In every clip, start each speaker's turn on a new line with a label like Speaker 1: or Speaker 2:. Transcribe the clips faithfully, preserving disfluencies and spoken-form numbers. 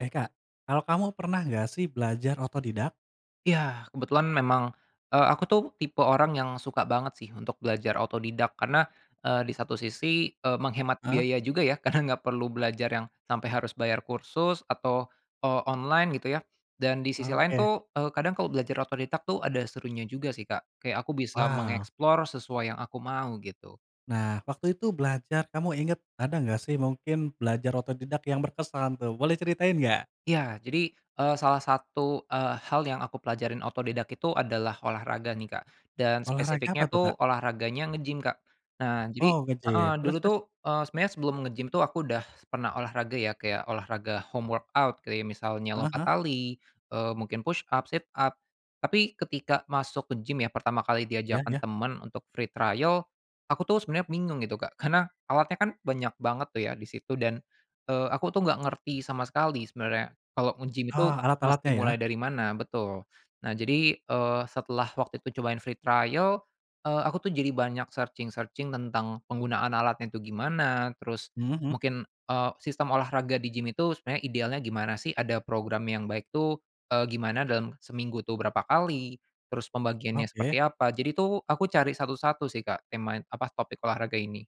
Speaker 1: Eh, Kak, kalau kamu pernah nggak sih belajar otodidak?
Speaker 2: Iya. Kebetulan memang, eee, aku tuh tipe orang yang suka banget sih untuk belajar otodidak, karena, eee, di satu sisi, eee, menghemat
Speaker 1: Heeh.
Speaker 2: biaya juga ya, karena nggak perlu belajar yang sampai harus bayar kursus atau, eee, online gitu ya. Dan di sisi lain
Speaker 1: Oke.
Speaker 2: tuh, eee, kadang kalau belajar otodidak tuh ada serunya juga sih, Kak. Kayak aku bisa
Speaker 1: Wow.
Speaker 2: mengeksplor sesuai yang aku mau gitu.
Speaker 1: Nah, waktu itu belajar kamu inget, ada nggak sih mungkin belajar otodidak yang berkesan tuh, boleh ceritain nggak?
Speaker 2: Iya. Jadi, eee, salah satu, eee, hal yang aku pelajarin otodidak itu adalah olahraga nih, Kak. Dan
Speaker 1: Olahraga
Speaker 2: spesifiknya
Speaker 1: apa tuh, Kak?
Speaker 2: tuh olahraganya ngegim Kak. Nah, jadi
Speaker 1: Oh, ngegim.
Speaker 2: heeh,
Speaker 1: Terus
Speaker 2: dulu
Speaker 1: terus?
Speaker 2: tuh, eee, sebenernya sebelum ngegim tuh aku udah pernah olahraga ya kayak olahraga home workout, kayak misalnya
Speaker 1: Heeh
Speaker 2: lompat
Speaker 1: heeh.
Speaker 2: tali, eee, mungkin push up, sit up tapi ketika masuk ke gim ya pertama kali
Speaker 1: Ya
Speaker 2: diajarkan
Speaker 1: ya.
Speaker 2: temen untuk free trial, aku tuh sebenernya bingung gitu, Kak, karena alatnya kan banyak banget tuh ya di situ dan, eee, aku tuh nggak ngerti sama sekali sebenernya kalau ngegim itu
Speaker 1: Ah, alat-alatnya
Speaker 2: mesti
Speaker 1: ya?
Speaker 2: mulai dari mana betul. Nah, jadi, eee, setelah waktu itu cobain free trial, eee, aku tuh jadi banyak searching-searching tentang penggunaan alatnya itu gimana, terus
Speaker 1: Mhm mhm.
Speaker 2: mungkin, eee, sistem olahraga di gim itu sebenernya idealnya gimana sih, ada program yang baik tuh, eee, gimana dalam seminggu tuh berapa kali, terus pembagiannya
Speaker 1: Oke.
Speaker 2: seperti apa, jadi tuh aku cari satu-satu sih, Kak, temain apa topik olahraga ini.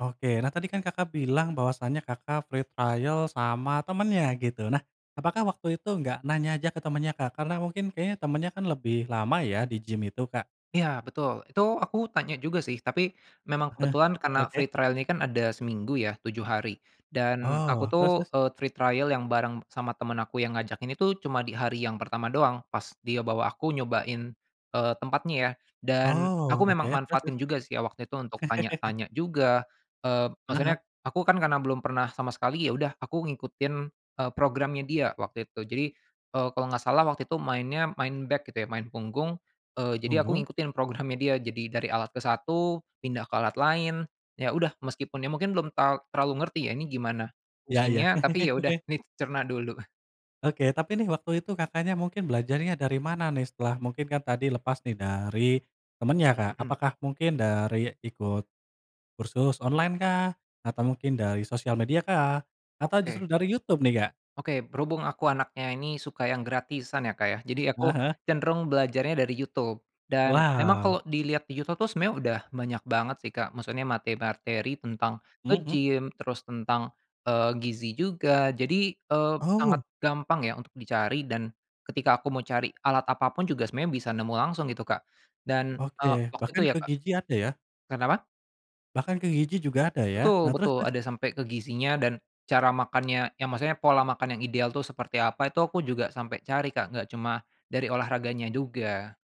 Speaker 1: Oke. Nah, tadi kan Kakak bilang bahwasanya Kakak free trial sama temennya gitu. Nah, apakah waktu itu gak nanya aja ke temennya, Kak? Karena mungkin kayaknya temennya kan lebih lama ya di gim itu, Kak.
Speaker 2: Iya, betul. Itu aku tanya juga sih tapi memang
Speaker 1: Heeh
Speaker 2: kebetulan karena free
Speaker 1: oke.
Speaker 2: trial ini kan ada seminggu ya, tujuh hari dan aku
Speaker 1: Oh,
Speaker 2: tuh,
Speaker 1: terus terus?
Speaker 2: eee, free trial yang bareng sama temen aku yang ngajak ini tuh cuma di hari yang pertama doang. Pas dia bawa aku nyobain, eee, tempatnya ya. Dan
Speaker 1: Oh,
Speaker 2: aku
Speaker 1: oke.
Speaker 2: memang
Speaker 1: Terus terus?
Speaker 2: manfaatin juga sih ya waktu itu untuk tanya-tanya juga, eee,
Speaker 1: Heeh heeh.
Speaker 2: maksudnya aku kan karena belum pernah sama sekali, ya udah aku ngikutin, eee, programnya dia waktu itu. Jadi, eee, kalau nggak salah waktu itu mainnya main back gitu ya, main punggung. Eee, jadi aku
Speaker 1: Punggung?
Speaker 2: ngikutin programnya dia, jadi dari alat ke satu pindah ke alat lain. Ya udah meskipun ya mungkin belum ta terlalu ngerti ya, ini gimana
Speaker 1: Ya ya.
Speaker 2: fungsinya, tapi ya udah ini dicerna dulu.
Speaker 1: Oke. Tapi nih waktu itu Kakaknya mungkin belajarnya darimana nih? Setelah mungkin kan tadi lepas nih dari temennya, Kak.
Speaker 2: Mhm.
Speaker 1: Apakah mungkin dari ikut kursus online kah? Atau mungkin dari sosial media kah? Atau justru
Speaker 2: Oke.
Speaker 1: dari Youtube nih, Kak?
Speaker 2: Oke. Berhubung aku anaknya ini suka yang gratisan ya, Kak, ya, jadi
Speaker 1: Heeh
Speaker 2: aku
Speaker 1: heeh.
Speaker 2: cenderung belajarnya dari YouTube. Dan memang
Speaker 1: Wow.
Speaker 2: kalau dilihat di YouTube tuh sebenernya udah banyak banget sih, Kak, maksudnya materi-materi tentang
Speaker 1: Mmm, mhm.
Speaker 2: ngegim terus tentang, eee, gizi juga. Jadi, eee, sangat
Speaker 1: Oh.
Speaker 2: gampang ya untuk dicari dan ketika aku mau cari alat apa pun juga semuanya bisa nemu langsung gitu, Kak. Dan, eee,
Speaker 1: Oke.
Speaker 2: waktu itu
Speaker 1: Bahkan
Speaker 2: ya,
Speaker 1: ke
Speaker 2: Kak
Speaker 1: gizi ada ya?
Speaker 2: kenapa?
Speaker 1: Bahkan ke gizi juga ada ya? Nah,
Speaker 2: Betul
Speaker 1: terus
Speaker 2: betul.
Speaker 1: terus?
Speaker 2: Ada sampai ke gizinya dan cara makannya ya, maksudnya pola makan yang ideal tuh seperti apa itu aku juga sampai cari, Kak, nggak cuma dari olahraganya juga.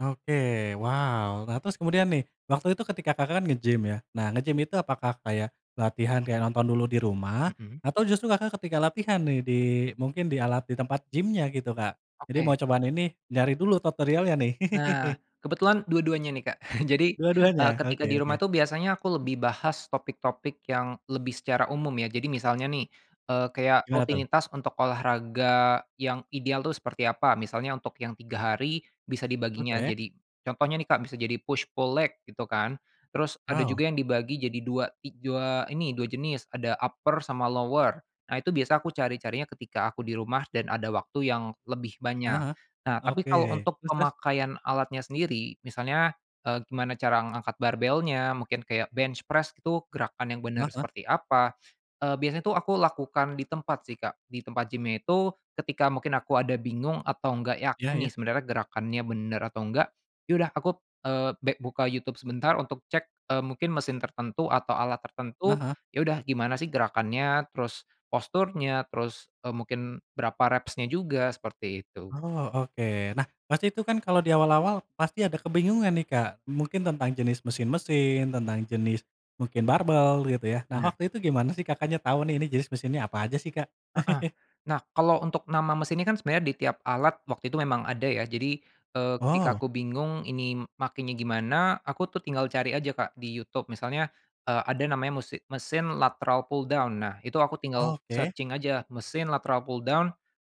Speaker 1: Oke, wow. Nah, terus kemudian nih waktu itu ketika Kakak kan ngegim ya? Nah, ngegim itu apakah kayak latihan kayak nonton dulu di rumah
Speaker 2: Mhm.
Speaker 1: atau justru Kakak ketika latihan nih di, mungkin di alat di tempat gimnya gitu Kak. Jadi mau
Speaker 2: Oke.
Speaker 1: cobaan ini nyari dulu tutorialnya nih.
Speaker 2: Nah, kebetulan dua-duanya nih, Kak. Jadi,
Speaker 1: Dua-duanya?
Speaker 2: eee, ketika
Speaker 1: Oke
Speaker 2: di rumah
Speaker 1: oke.
Speaker 2: itu biasanya aku lebih bahas topik-topik yang lebih secara umum ya. Jadi misalnya nih, eee, kayak
Speaker 1: Gimana tuh?
Speaker 2: rutinitas untuk olahraga yang ideal tuh seperti apa, misalnya untuk yang tiga hari bisa dibaginya
Speaker 1: Oke.
Speaker 2: jadi contohnya nih, Kak, bisa jadi push pull leg, gitu kan. Terus ada
Speaker 1: Wow.
Speaker 2: juga yang dibagi jadi dua ik dua ini dua jenis. Ada upper sama lower. Nah, itu biasa aku cari-carinya ketika aku di rumah dan ada waktu yang lebih
Speaker 1: Heeh
Speaker 2: banyak.
Speaker 1: heeh,
Speaker 2: Nah, tapi
Speaker 1: oke,
Speaker 2: kalau untuk
Speaker 1: terus terus?
Speaker 2: pemakaian alatnya sendiri, misalnya, eee, gimana cara ngangkat barbelnya, mungkin kayak bench press itu gerakan yang bener
Speaker 1: Heeh heeh.
Speaker 2: seperti apa, eee, biasanya tuh aku lakukan di tempat sih, Kak. Di tempat gimnya itu ketika mungkin aku ada bingung atau nggak
Speaker 1: Iya
Speaker 2: yakin
Speaker 1: iya.
Speaker 2: nih sebenernya gerakannya bener atau nggak, ya udah aku, eee, bek buka YouTube sebentar untuk cek, eee, mungkin mesin tertentu atau alat
Speaker 1: Heeh
Speaker 2: tertentu,
Speaker 1: heeh.
Speaker 2: ya udah gimana sih gerakannya, terus posturnya, terus, eee, mungkin berapa reps-nya juga seperti itu.
Speaker 1: Oh, oke. Nah, pasti itu kan kalau di awal-awal pasti ada kebingungan nih, Kak, mungkin tentang jenis mesin-mesin, tentang jenis mungkin barbel gitu ya. Nah,
Speaker 2: Benar.
Speaker 1: waktu itu gimana sih Kakaknya tau nih, ini jenis mesinnya apa aja sih, Kak?
Speaker 2: Heeh. Nah, kalau untuk nama mesin ini kan sebenarnya di tiap alat waktu itu memang ada ya, jadi, eee, ketika
Speaker 1: Oh.
Speaker 2: aku bingung ini makenya gimana, aku tuh tinggal cari aja, Kak, di YouTube. Misalnya, eee, ada namanya musi mesin lateral pull down. Nah, itu aku tinggal
Speaker 1: Oke.
Speaker 2: searching aja mesin lateral pull down,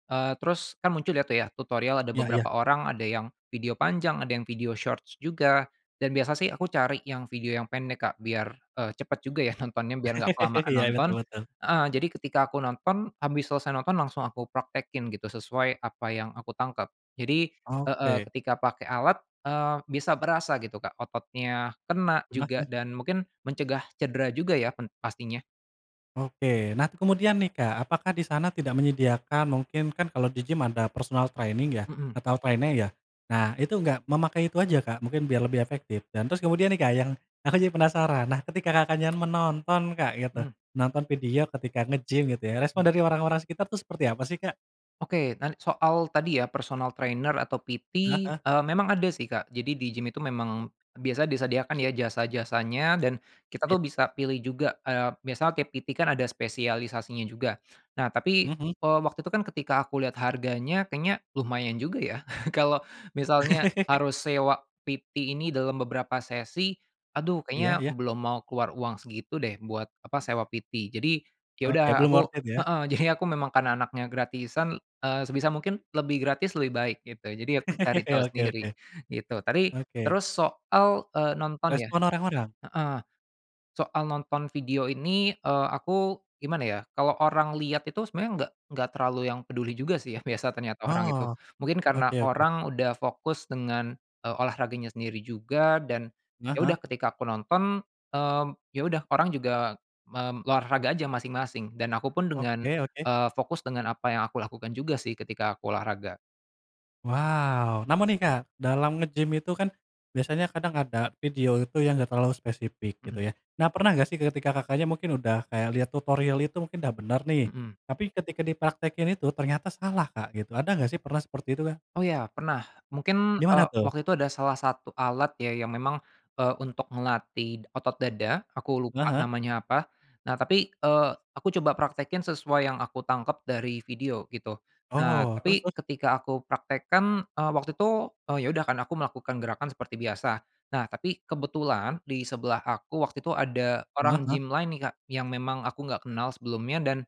Speaker 2: eee, terus kan muncul deh tuh ya tutorial ada
Speaker 1: Iya iya.
Speaker 2: beberapa orang ada yang video panjang, ada yang video shorts juga, dan biasa sih aku cari yang video yang pendek, Kak, biar, eee, cepet juga ya nontonnya, biar gak kelamaan
Speaker 1: Iya,
Speaker 2: nonton.
Speaker 1: betul betul.
Speaker 2: Heeh, jadi ketika aku nonton, abis selesai nonton langsung aku praktekin gitu sesuai apa yang aku tangkep. Jadi heeh,
Speaker 1: Oke.
Speaker 2: ketika pakai alat, eee, bisa berasa gitu Kak, ototnya kena
Speaker 1: Heeh
Speaker 2: juga
Speaker 1: heeh.
Speaker 2: dan mungkin mencegah cedera juga ya pen pastinya.
Speaker 1: Oke. Nah, t kemudian nih, Kak, apakah di sana tidak menyediakan mungkin kan kalau di gim ada personal training ya
Speaker 2: Mhm.
Speaker 1: atau trainer ya? Nah itu gak memakai itu aja, Kak, mungkin biar lebih efektif dan terus kemudian nih, Kak, yang aku jadi penasaran, nah ketika Kakaknya menonton, Kak, gitu,
Speaker 2: Mmm.
Speaker 1: nonton video ketika ngegim gitu ya,
Speaker 2: Mhm.
Speaker 1: respon dari orang-orang sekitar tuh seperti apa sih, Kak?
Speaker 2: Oke. Nan soal tadi ya personal trainer atau PT,
Speaker 1: Heeh heeh.
Speaker 2: eee, memang ada sih, Kak. Jadi di gim itu memang biasa disediakan ya jasa-jasanya dan kita
Speaker 1: Ya
Speaker 2: tuh
Speaker 1: ya.
Speaker 2: bisa pilih juga, eee, misal tiap PT kan ada spesialisasinya juga. Nah, tapi,
Speaker 1: Hmm hmm.
Speaker 2: eee, waktu itu kan ketika aku lihat harganya kayaknya lumayan juga ya, kalau misalnya harus sewa PT ini dalam beberapa sesi, aduh
Speaker 1: Iya
Speaker 2: kayaknya
Speaker 1: iya.
Speaker 2: belum mau keluar uang segitu deh buat apa sewa PT. Jadi, ya udah
Speaker 1: Oke. Belum
Speaker 2: aku
Speaker 1: worth it ya?
Speaker 2: heeh. Jadi aku memang karena anaknya gratisan, eee, sebisa mungkin lebih gratis lebih baik gitu. Jadi aku cari tahu
Speaker 1: Oke oke.
Speaker 2: sendiri, gitu. Tapi
Speaker 1: Oke.
Speaker 2: terus soal, eee, nonton ya
Speaker 1: Respon orang-orang.
Speaker 2: heeh, soal nonton video ini, eee, aku gimana ya? Kalau orang liat itu sebenernya nggak nggak terlalu yang peduli juga sih ya, biasa ternyata orang itu.
Speaker 1: Oh,
Speaker 2: Mungkin karena
Speaker 1: oke oke.
Speaker 2: orang udah fokus dengan, eee, olahraganya sendiri juga dan
Speaker 1: Heeh
Speaker 2: ya
Speaker 1: heeh.
Speaker 2: udah ketika aku nonton, mmm, ya udah orang juga mem olahraga aja masing-masing. Dan akupun dengan,
Speaker 1: Oke oke.
Speaker 2: eee, fokus dengan apa yang aku lakukan juga sih ketika aku olahraga.
Speaker 1: Wow. Namun nih, Kak, dalam ngegim itu kan biasanya kadang ada video itu yang gak terlalu spesifik gitu
Speaker 2: Mhm.
Speaker 1: ya. Nah, pernah gak sih ketika Kakaknya mungkin udah kayak liat tutorial itu mungkin udah bener nih,
Speaker 2: Mhm.
Speaker 1: tapi ketika dipraktekin itu ternyata salah, Kak, gitu, ada nggak sih pernah seperti itu, Kak?
Speaker 2: Oh, ya, pernah. Mungkin,
Speaker 1: Gimana
Speaker 2: eee,
Speaker 1: tuh?
Speaker 2: waktu itu ada salah satu alat ya, yang memang, eee, untuk ngelatih d otot dada, aku
Speaker 1: Heeh
Speaker 2: lupa
Speaker 1: heeh.
Speaker 2: namanya apa. Nah, tapi, eee, aku coba praktekin sesuai yang aku tangkep dari video gitu. Nah,
Speaker 1: Oh, terus
Speaker 2: tapi
Speaker 1: terus?
Speaker 2: ketika aku praktekkan, eee, waktu itu, eee, ya udah kan aku melakukan gerakan seperti biasa. Nah, tapi kebetulan di sebelah aku waktu itu ada
Speaker 1: Heeh
Speaker 2: orang
Speaker 1: heeh.
Speaker 2: gim lain nih, Kak, yang memang aku nggak kenal sebelumnya dan,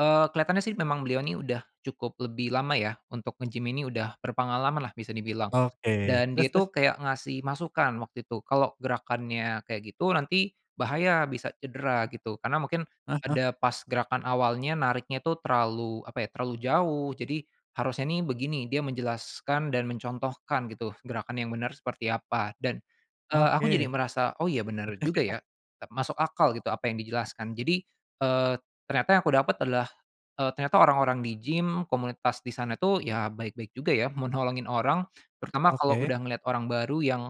Speaker 2: eee, keliatannya sih memang beliau ini udah cukup lebih lama ya untuk ngegim ini udah berpengalaman lah bisa dibilang.
Speaker 1: Oke.
Speaker 2: Dan
Speaker 1: Terus
Speaker 2: dia
Speaker 1: terus?
Speaker 2: itu kayak ngasih masukan waktu itu kalau gerakannya kayak gitu nanti bahaya bisa cedera gitu karena mungkin
Speaker 1: Heeh heeh.
Speaker 2: ada pas gerakan awalnya nariknya itu terlalu apa ya, terlalu jauh, jadi harusnya nih begini. Dia menjelaskan dan mencontohkan gitu gerakan yang benar seperti apa dan, eee, aku jadi
Speaker 1: Oke.
Speaker 2: merasa, oh, iya, bener juga ya, tep masuk akal gitu apa yang dijelaskan. Jadi, eee, ternyata yang aku dapet adalah, eee, ternyata orang-orang di gim, komunitas di sana tuh ya baik-baik juga ya, mau nolongin orang terutama kalau
Speaker 1: Oke.
Speaker 2: udah ngeliat orang baru yang,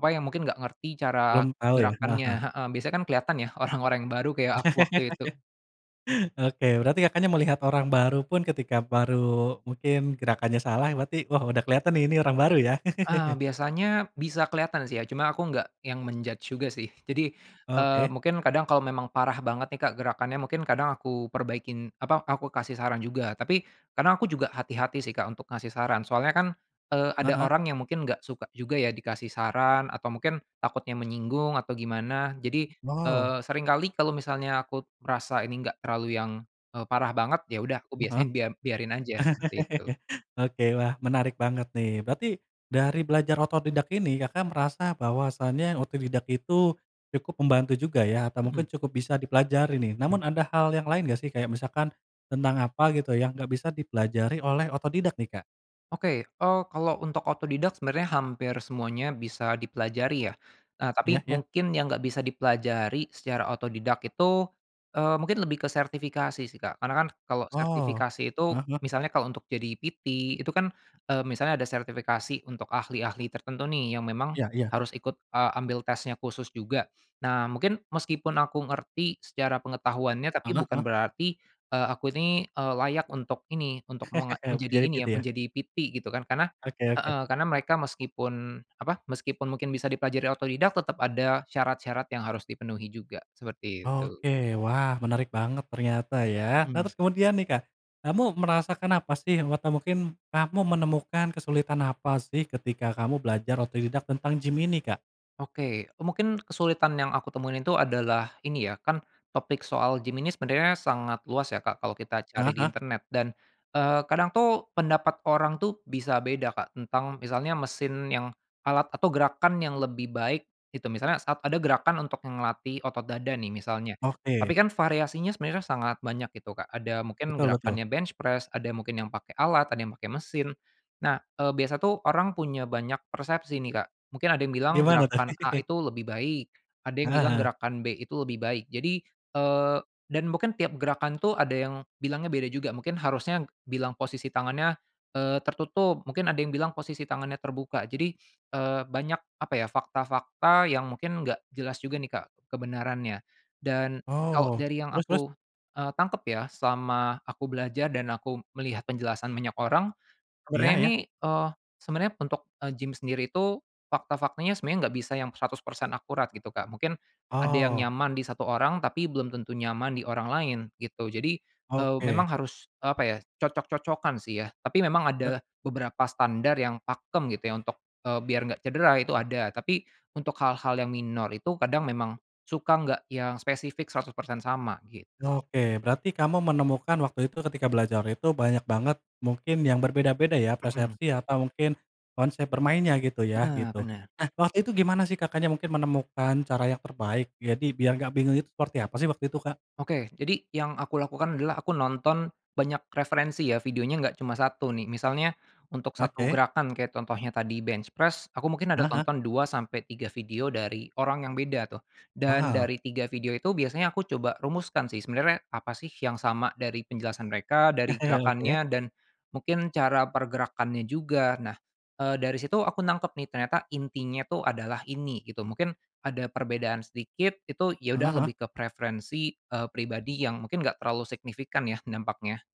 Speaker 2: apa, yang mungkin gak ngerti cara
Speaker 1: Belum tahu ya? Heeh
Speaker 2: gerakannya
Speaker 1: heeh.
Speaker 2: heeh, biasanya kan keliatan ya orang-orang yang baru kayak aku waktu itu.
Speaker 1: Oke. Berarti Kakaknya melihat orang baru pun ketika baru mungkin gerakannya salah, berarti, "Wah udah kelihatan nih ini orang baru," ya?
Speaker 2: Ah, biasanya bisa kelihatan sih ya, cuma aku nggak yang men-judge juga sih. Jadi, eee,
Speaker 1: Oke.
Speaker 2: mungkin kadang kalau memang parah banget nih, Kak, gerakannya, mungkin kadang aku perbaikin apa aku kasih saran juga. Tapi kadang aku juga hati-hati sih, Kak, untuk ngasih saran. Soalnya kan, eee,
Speaker 1: Heeh
Speaker 2: ada
Speaker 1: heeh.
Speaker 2: orang yang mungkin nggak suka juga ya dikasih saran atau mungkin takutnya menyinggung atau gimana. Jadi,
Speaker 1: Wow.
Speaker 2: eee, seringkali kalau misalnya aku merasa ini gak terlalu yang, eee, parah banget, ya udah aku
Speaker 1: Mmm, heeh.
Speaker 2: biasanya biar biarin aja seperti itu.
Speaker 1: Oke, wah, menarik banget nih. Berarti dari belajar otodidak ini Kakak merasa bahwasanya otodidak itu cukup membantu juga ya atau
Speaker 2: Mhm.
Speaker 1: mungkin cukup bisa dipelajari nih. Namun
Speaker 2: Mmm.
Speaker 1: ada hal yang lain nggak sih, kayak misalkan tentang apa gitu yang nggak bisa dipelajari oleh otodidak nih, Kak?
Speaker 2: Oke, eee, kalau untuk otodidak sebenernya hampir semuanya bisa dipelajari ya. Ah, tapi
Speaker 1: Iya iya.
Speaker 2: mungkin yang nggak bisa dipelajari secara otodidak itu, eee, mungkin lebih ke sertifikasi sih, Kak. Karena kan kalau
Speaker 1: Oh,
Speaker 2: sertifikasi itu,
Speaker 1: heeh heeh.
Speaker 2: misalnya kalau untuk jadi PT, itu kan, eee, misalnya ada sertifikasi untuk ahli-ahli tertentu nih, yang memang
Speaker 1: Iya iya.
Speaker 2: harus ikut, eee, ambil tesnya khusus juga. Nah, mungkin meskipun aku ngerti secara pengetahuannya tapi
Speaker 1: Heeh
Speaker 2: bukan
Speaker 1: heeh.
Speaker 2: berarti, eee, aku ini, eee, layak untuk ini, untuk menga menjadi
Speaker 1: Jadi
Speaker 2: ini
Speaker 1: PT
Speaker 2: ya,
Speaker 1: ya?
Speaker 2: menjadi PT gitu kan. Karena
Speaker 1: Oke oke.
Speaker 2: heeh. Karena mereka meskipun apa, meskipun mungkin bisa dipelajari otodidak tetap ada syarat-syarat yang harus dipenuhi juga, seperti itu.
Speaker 1: Oke. Wah menarik banget ternyata ya. Nah,
Speaker 2: Mhm.
Speaker 1: terus kemudian nih, Kak, kamu merasakan apa sih? Wata mungkin kamu menemukan kesulitan apa sih ketika kamu belajar otodidak tentang gim ini, Kak?
Speaker 2: Oke, eee, mungkin kesulitan yang aku temuin itu adalah ini ya, kan topik soal gim ini sebenernya sangat luas ya, Kak, kalau kita
Speaker 1: Heeh
Speaker 2: cari di
Speaker 1: heeh.
Speaker 2: internet. Dan, eee, kadang tuh pendapat orang tuh bisa beda, Kak, tentang misalnya mesin yang alat atau gerakan yang lebih baik itu misalnya saat ada gerakan untuk yang ngelatih otot dada nih misalnya,
Speaker 1: Oke.
Speaker 2: tapi kan variasinya sebenernya kan sangat banyak itu, Kak. Ada mungkin
Speaker 1: Betul betul.
Speaker 2: gerakannya bench press, ada yang mungkin yang pakai alat, ada yang pakai mesin. Nah, eee, biasa tuh orang punya banyak persepsi nih, Kak. Mungkin ada yang bilang
Speaker 1: Gimana tuh?
Speaker 2: gerakan A itu lebih baik, ada yang
Speaker 1: Heeh
Speaker 2: bilang
Speaker 1: heeh.
Speaker 2: gerakan B itu lebih baik. Jadi, eee, dan mungkin tiap gerakan tuh ada yang bilangnya beda juga mungkin harusnya bilang posisi tangannya, eee, tertutup, mungkin ada yang bilang posisi tangannya terbuka. Jadi, eee, banyak apa ya fakta-fakta yang mungkin nggak jelas juga nih, Kak, kebenarannya. Dan kalau
Speaker 1: Oh,
Speaker 2: dari yang
Speaker 1: terus terus?
Speaker 2: aku, eee, tangkep ya selama aku belajar dan aku melihat penjelasan banyak orang,
Speaker 1: Iya
Speaker 2: sebenernya
Speaker 1: iya.
Speaker 2: nih, eee, sebenernya untuk, eee, gim sendiri itu fakta-faktanya sebenernya nggak bisa yang seratus persen akurat gitu, Kak. Mungkin ada yang
Speaker 1: Oh.
Speaker 2: nyaman di satu orang tapi belum tentu nyaman di orang lain, gitu. Jadi, eee, memang
Speaker 1: Oke.
Speaker 2: harus apa ya cocok-cocokan sih ya. Tapi memang
Speaker 1: E
Speaker 2: ada beberapa standar yang pakem gitu ya untuk, eee, biar nggak cedera itu ada. Tapi untuk hal-hal yang minor itu kadang memang suka nggak yang spesifik seratus persen sama gitu.
Speaker 1: Oke. Berarti kamu menemukan waktu itu ketika belajar itu banyak banget mungkin yang berbeda-beda ya
Speaker 2: Mhm.
Speaker 1: persepsi atau mungkin konsep bermainnya gitu ya?
Speaker 2: Bener
Speaker 1: Gitu.
Speaker 2: bener.
Speaker 1: Nah, waktu itu gimana sih Kakaknya mungkin menemukan cara yang terbaik jadi biar gak bingung itu seperti apa sih waktu itu, Kak?
Speaker 2: Oke. Jadi yang aku lakukan adalah aku nonton banyak referensi ya. Videonya nggak cuma satu nih. Misalnya untuk satu
Speaker 1: Oke.
Speaker 2: gerakan, kayak contohnya tadi bench press, aku mungkin ada
Speaker 1: Heeh.
Speaker 2: tonton dua sampai tiga video dari orang yang beda tuh. Dan
Speaker 1: Wow.
Speaker 2: dari tiga video itu biasanya aku coba rumuskan sih, sebenernya apa sih yang sama dari penjelasan mereka, dari
Speaker 1: Oke.
Speaker 2: gerakannya dan mungkin cara pergerakannya juga. Nah, eee, dari situ aku nangkep nih, ternyata intinya itu adalah ini, gitu. Mungkin ada perbedaan sedikit itu ya udah
Speaker 1: Heeh heeh.
Speaker 2: lebih ke preferensi, eee, pribadi yang mungkin nggak terlalu signifikan ya dampaknya.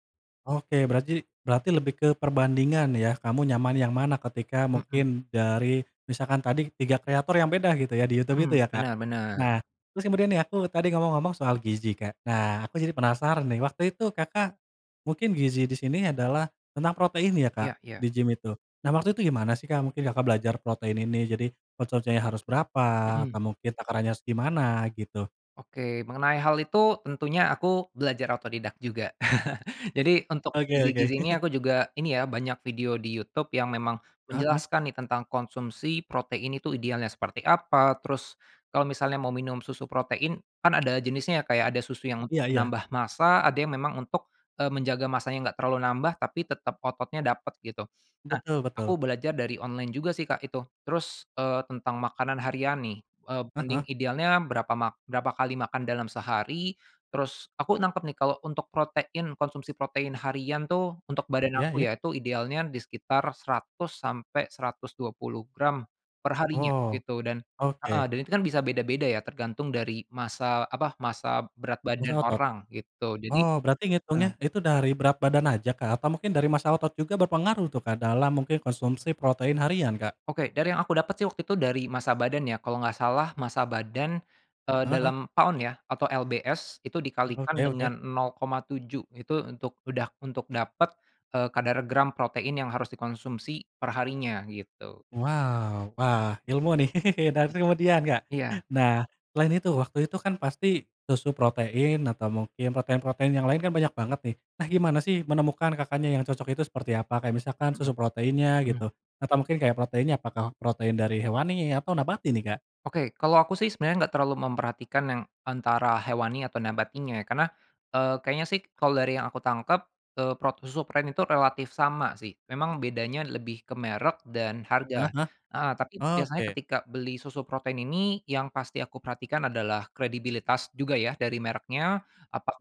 Speaker 1: Oke. Beraji berarti lebih ke perbandingan ya? Kamu nyaman yang mana ketika
Speaker 2: Mhm.
Speaker 1: mungkin dari misalkan tadi tiga kreator yang beda gitu ya, di Youtube itu
Speaker 2: Mhm,
Speaker 1: ya, Kak?
Speaker 2: bener
Speaker 1: Nah,
Speaker 2: bener.
Speaker 1: terus kemudian nih aku tadi ngomong-ngomong soal gizi, Kak. Nah, aku jadi penasaran nih, waktu itu Kakak mungkin gizi di sini adalah tentang protein ya, Kak?
Speaker 2: Iya iya.
Speaker 1: Di gim itu. Nah, waktu itu gimana sih, Kak, mungkin Kakak belajar protein ini jadi konsumsinya harus berapa?
Speaker 2: Mhm.
Speaker 1: Atau mungkin takarannya harus gimana? Gitu.
Speaker 2: Oke. Mengenai hal itu tentunya aku belajar otodidak juga. Jadi untuk
Speaker 1: Oke oke.
Speaker 2: gizi-gizi ini aku juga ini ya, banyak video di Youtube yang memang
Speaker 1: Heeh heeh.
Speaker 2: menjelaskan nih tentang konsumsi protein itu idealnya seperti apa, terus kalau misalnya mau minum susu protein kan ada jenisnya ya, Kak, ya, ada susu yang untuk
Speaker 1: Iya iya.
Speaker 2: menambah massa, ada yang memang untuk, eee, menjaga massanya nggak terlalu nambah tapi tetep ototnya dapet gitu. Nah,
Speaker 1: Betul
Speaker 2: aku
Speaker 1: betul.
Speaker 2: belajar dari online juga sih, Kak, itu. Terus, eee, tentang makanan harian nih, eee,
Speaker 1: Heeh
Speaker 2: mending
Speaker 1: heeh.
Speaker 2: idealnya berapa mak berapa kali makan dalam sehari, terus aku nangkep nih kalau untuk protein, konsumsi protein harian tuh, untuk badan
Speaker 1: Iya
Speaker 2: aku
Speaker 1: iya.
Speaker 2: ya, itu idealnya di sekitar seratus sampai seratus dua puluh gram per harinya,
Speaker 1: Oh,
Speaker 2: gitu. Dan heeh.
Speaker 1: oke.
Speaker 2: Dan itu kan bisa beda-beda ya, tergantung dari massa, apa, massa berat
Speaker 1: Massa
Speaker 2: badan
Speaker 1: otot?
Speaker 2: orang, gitu. Jadi
Speaker 1: Oh, berarti
Speaker 2: heeh.
Speaker 1: ngitungnya itu dari berat badan aja, Kak, atau mungkin dari massa otot juga berpengaruh tuh, Kak, dalam mungkin konsumsi protein harian, Kak?
Speaker 2: Oke. Dari yang aku dapet sih waktu itu dari massa badan ya, kalau nggak salah massa badan, eee,
Speaker 1: Heeh heeh.
Speaker 2: dalam pound ya, atau LBS, itu dikalikan
Speaker 1: Oke oke.
Speaker 2: dengan nol koma tujuh itu untuk, udah untuk dapet, eee, kadar gram protein yang harus dikonsumsi per harinya, gitu.
Speaker 1: Wow, wah, ilmu nih. Dan, kemudian, Kak,
Speaker 2: Iya.
Speaker 1: nah, selain itu waktu itu kan pasti susu protein atau mungkin protein-protein yang lain kan banyak banget nih. Nah, gimana sih menemukan Kakaknya yang cocok itu seperti apa, kayak misalkan
Speaker 2: Mhm
Speaker 1: susu proteinnya
Speaker 2: mhm.
Speaker 1: gitu? Atau mungkin kayak proteinnya apakah protein dari hewani atau nabati nih, Kak?
Speaker 2: Oke. Kalau aku sih sebenernya nggak terlalu memperhatikan yang antara hewani atau nabatinya ya, karena, eee, kayaknya sih kalau dari yang aku tangkep, eee, prot susu pren itu relatif sama sih. Memang bedanya lebih ke merek dan
Speaker 1: Heeh
Speaker 2: harga,
Speaker 1: heeh.
Speaker 2: heeh. Tapi biasanya
Speaker 1: Oke.
Speaker 2: ketika beli susu protein ini yang pasti aku perhatikan adalah kredibilitas juga ya, dari mereknya.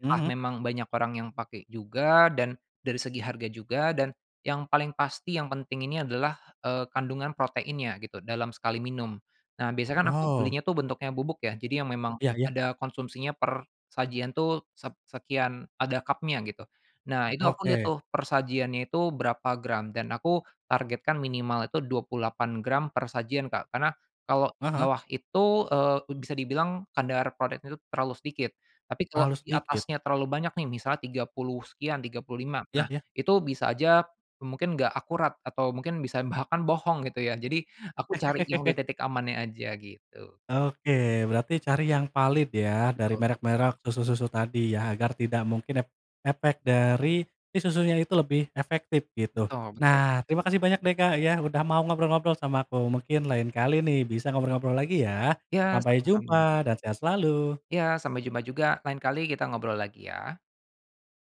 Speaker 1: Mhm mhm.
Speaker 2: memang banyak orang yang pakai juga dan dari segi harga juga dan yang paling pasti yang penting ini adalah, eee, kandungan proteinnya gitu, dalam sekali minum. Nah, biasa kan aku
Speaker 1: Oh.
Speaker 2: belinya tuh bentuknya bubuk ya, jadi yang memang
Speaker 1: Iya iya.
Speaker 2: ada konsumsinya per sajian tuh sep sekian, ada kapnya gitu. Nah, itu aku lihat
Speaker 1: Oke.
Speaker 2: tuh per sajiannya itu berapa gram dan aku targetkan minimal itu dua puluh delapan gram per sajian, Kak. Karena kalau
Speaker 1: Heeh heeh.
Speaker 2: dibawah itu, eee, u bisa dibilang kadar proteinnya itu terlalu sedikit. Tapi kalau
Speaker 1: Terlalu
Speaker 2: di
Speaker 1: sedikit?
Speaker 2: atasnya terlalu banyak nih misalnya tiga puluh sekian tiga puluh lima,
Speaker 1: Iya
Speaker 2: nah,
Speaker 1: iya.
Speaker 2: itu bisa aja, mmm, mungkin nggak akurat atau mungkin bisa bahkan bohong gitu ya, jadi aku cari yang di titik amannya aja gitu.
Speaker 1: Oke. Berarti cari yang valid ya dari
Speaker 2: Betul.
Speaker 1: merek-merek susu-susu tadi ya, agar tidak mungkin ep efek dari si susunya itu lebih efektif gitu.
Speaker 2: Betul betul.
Speaker 1: Nah, terima kasih banyak deh, Kak ya, udah mau ngobrol-ngobrol sama aku. Mungkin lain kali nih bisa ngobrol-ngobrol lagi ya.
Speaker 2: Ya,
Speaker 1: Sampai
Speaker 2: sama-sama.
Speaker 1: jumpa dan sehat selalu.
Speaker 2: Ya, sampai jumpa juga. Lain kali kita ngobrol lagi ya.